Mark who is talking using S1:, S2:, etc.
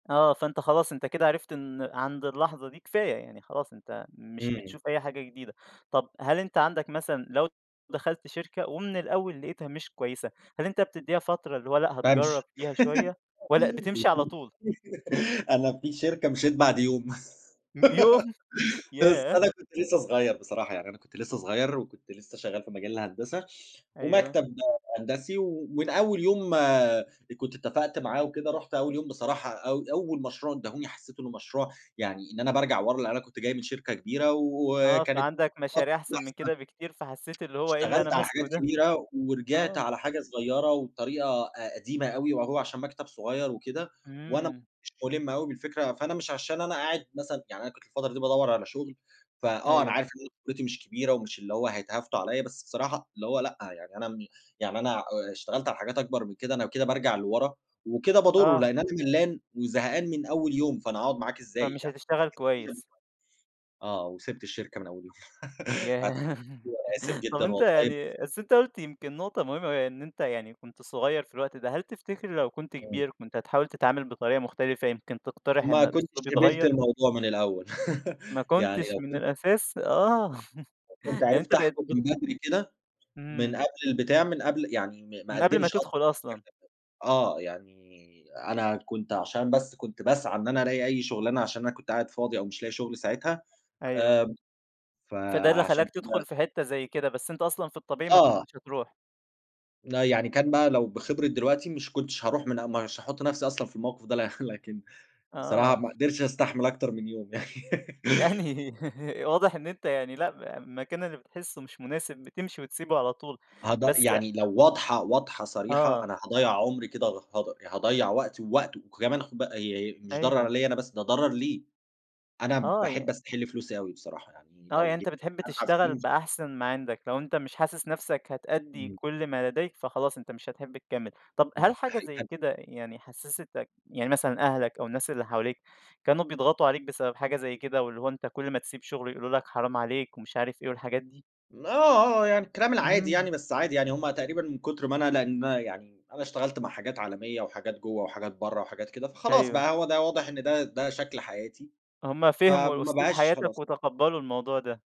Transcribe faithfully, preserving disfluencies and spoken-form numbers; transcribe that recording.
S1: آه. فأنت خلاص، أنت كده عرفت إن عند اللحظة دي، كفاية، يعني خلاص أنت مش
S2: إمم.
S1: بتشوف أي حاجة جديدة. طب هل أنت عندك مثلًا لو دخلت شركة ومن الأول لقيتها مش كويسة، هل أنت بتدّيها فترة اللي هو لأ، هتجرّب
S2: بامشي.
S1: فيها شوية والّا بتمشي على
S2: اهم،
S1: طول؟
S2: أنا في شركة مشيت بعد يوم.
S1: ام يوم،
S2: بس
S1: ياه!
S2: أنا كنت لسّه صغيّر بصراحة، يعني أنا كنت لسّه صغيّر وكنت لسّه شغّال في مجال الهندسة
S1: أيوه.
S2: ومكتب هندسي و ومن أول يوم أ كنت اتّفقت معاه وكده، رُحت أول يوم بصراحة أو أول مشروع ادّاهوني، حسّيت إنه مشروع يعني إن أنا بارجع ورا، لإن أنا كنت جاي من شركة كبيرة
S1: آه.
S2: وكانت [unintelligible]
S1: فعندك مشاريع أحسن من كده بكتير، فحسّيت اللي هو إيه اللي أنا
S2: اشتغلت على حاجات
S1: ماسكه ده؟
S2: كبيرة ورجعت
S1: آه.
S2: على حاجة صغيّرة وبطريقة أ قديمة أوي وهو عشان مكتب صغيّر وكده وأنا ما
S1: إمم.
S2: كنتش مُلم أوي بالفكرة، فأنا مش عشان أنا قاعد مثلًا يعني أنا كنت الفترة دي بادوّر على شغل، فآه، أنا
S1: أيوه.
S2: عارف إن قدرتي مش كبيرة ومش اللي هو هيتهافتوا عليّا، بس بصراحة اللي هو لأ، يعني أنا م يعني أنا آآ اشتغلت على حاجات أكبر من كده، أنا كده بارجع لورا وكده باضرّه،
S1: آه.
S2: لإن أنا ملّان وزهقان من أول يوم، فأنا هاقعُد معاك إزاي؟
S1: فمش
S2: يعني
S1: هتشتغل كويس.
S2: [unintelligible] آه، وسِبت الشركة من أول يوم أت قُلت
S1: ياه!
S2: له: "أنا آسف
S1: طب
S2: جدًا
S1: أنت
S2: والله، بس
S1: يعني بس أنت قُلت يمكن نقطة مهمة أوي، يعني إن أنت يعني كنت صغيّر في الوقت ده، هل تفتكر لو كنت
S2: إمم.
S1: كبير، كنت هتحاول تتعامل بطريقة مختلفة، يمكن تقترح
S2: ما
S1: إن
S2: كنتش
S1: الأسلوب
S2: قبلت
S1: يتغيّر؟
S2: الموضوع من الأول.
S1: ما
S2: يعني
S1: كنتش
S2: لو
S1: من
S2: كنت
S1: الأساس آه.
S2: لو كنت
S1: يعني أنت
S2: عرفت
S1: بقيت
S2: أحكُم
S1: بت
S2: من بدري كده، من
S1: إمم.
S2: قبل البتاع، من قبل يعني ما ما
S1: من قبل ما
S2: أقدّمش أصلًا
S1: تدخل أصلًا.
S2: [unintelligible] آه. يعني أنا كنت عشان بس كنت باسعى إن أنا أراقي أي شُغلانة عشان أنا كنت قاعد فاضي أو مش لاقي شغل ساعتها،
S1: أيوه.
S2: آمم
S1: فده اللي
S2: فعشان
S1: خلّاك
S2: كده
S1: تدخُل في حتّة زي كده، بس أنت أصلًا في الطبيعي ما
S2: آه.
S1: كنتش هتروح.
S2: لأ، يعني كان بقى لو بخبرة دلوقتي، مش كنتش هاروح منا مش هاحُط نفسي أصلًا في الموقف ده لح لكن بصراحة
S1: آه.
S2: ما قدرتش أستحمل أكتر من يوم.
S1: يعني واضح إن أنت يعني لأ، ب المكان اللي بتحسّه مش مناسب، بتمشي وتسيبه على طول.
S2: هضأ
S1: بس
S2: يعني لو واضحة، واضحة صريحة،
S1: آه.
S2: أنا هاضيّع عُمري كده غ هَدَر، هاضيّع وقتي ووقته وكمان خُد بقى ي مش ضَرر
S1: أيوه.
S2: عليّا أنا بس، ده ضَرر ليه. أنا
S1: آه.
S2: باحب
S1: ي
S2: أستَحِل فلوسي أوي بصراحة، يعني
S1: آه. يعني
S2: لو جِه
S1: أنت بتحب
S2: عن عأ
S1: تشتغل
S2: فلوس
S1: بأحسن ما عندك، لو أنت مش حاسس نفسك هتأدّي
S2: إمم.
S1: كل ما لديك، فخلاص أنت مش هتحِب تكمّل. طب
S2: إمم.
S1: هل حاجة
S2: أحي
S1: زي
S2: هل
S1: كده يعني حسّستك يعني مثلًا أهلك أو الناس اللي حواليك، كانوا بيضغطوا عليك بسبب حاجة زي كده واللي هو أنت كل ما تسيب شُغل يقولوا لك حرام عليك ومش عارف إيه والحاجات دي؟
S2: م آه، آه. يعني الكلام العادي
S1: إمم.
S2: يعني، بس عادي يعني، هم تقريبًا من كُتر ما أنا ندما يعني أنا اشتغلت مع حاجات عالمية وحاجات جوّه وحاجات برّه وحاجات كده، فخلاص
S1: أيوه.
S2: بقى، هو ده واضح إن ده ده شكل حياتي،
S1: هم فهموا
S2: فما
S1: أسلوب
S2: بقاش
S1: حياتك
S2: خلاص.
S1: وتقبّلوا الموضوع ده.